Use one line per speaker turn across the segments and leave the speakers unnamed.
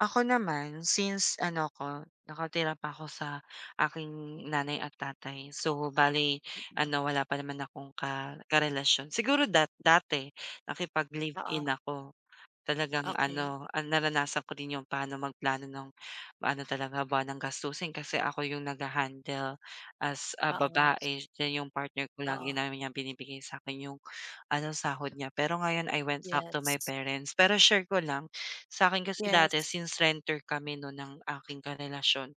Ako naman, since ano ko nakatira pa ako sa aking nanay at tatay, so bale
Mm.
ano wala pa naman akong ka karelasyon, siguro dat dati nakipag-live-in
Oo.
ako. Talagang
Okey.
ano, ah, naranasan ko rin yung paano magplano nung, ano talaga buwanang gastusin. Kasi ako yung nagha-handle as, ah,
Oo.
babae then 'yong partner ko lagi
Oo.
naman niyang binibigay sa akin yung ano, sahod niya, pero ngayon I went back to my
Yes.
parents. Pero share ko lang, sa akin kasi dati
Yes.
since renter kami no'n ng aking karelasyon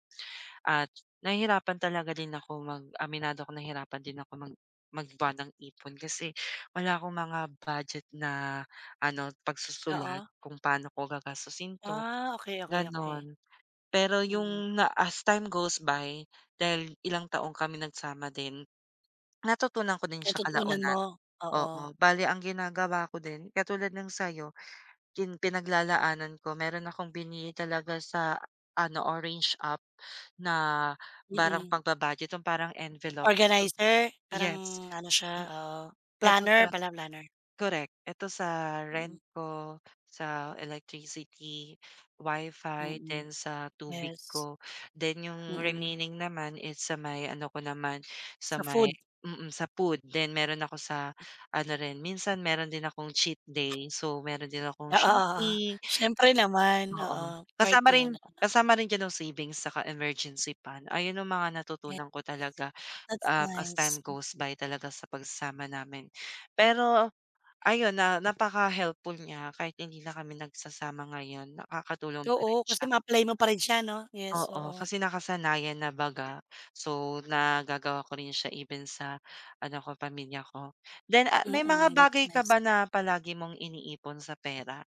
at nahihirapan talaga din ako mag aminado ako nahirapan din ako mag mag-buwanang ipon kasi wala akong mga budget na ano, pagsusulat
Oo.
kung paano ko gagastusin 'to,
Ah, okey, okey, okey.
gano'n. Pero
Mm.
yung na as time goes by dahil ilang taong kami nagsama din, natutunan ko din sya
Natutunan mo?
kalaunan.
Oo.
Oo, bale ang ginagawa ko din katulad ng sa'yo, yung pinaglalaanan ko, meron akong binili talaga sa ano, orange app na parang
Mm.
pagba-budget, yung parang envelope.
Organizer, parang
Yes,
ano siya?
m
Oo.
ito sa
Planner pala, planner.
korek, ito sa rent
Mm.
ko, sa electricity, WiFi,
Mm,
then sa tubig
yes.
ko, then yung
Mm.
remaining naman is sa may ano ko naman, sa
Sa
may
food.
mm, sa food then meron ako sa ano rin minsan, meron din akong cheat day, so meron din akong
Oo, oo.
shopping.
Siyempre naman,
Oo,
oo, part
kasama rin
yan.
kasama rin diyan ang savings saka emergency fund, ayon yung mga
Yes,
natutunan ko talaga,
that's
um, as
nice.
time goes
Mm.
by talaga sa pagsasama namin. Pero ayon, na napaka-helpful niya, kahit hindi na kami nagsasama ngayon, nakakatulong pa rin
Oo,
siya.
kasi ma-apply mo pa rin siya 'no? Yes,
Oo,
oo.
kasi nakasanayan na baga. So, nagagawa ko rin siya even sa ano ko pamilya ko. Then ah may mga
Mm, that's
bagay ka
nice.
ba na palagi mong iniipon sa pera?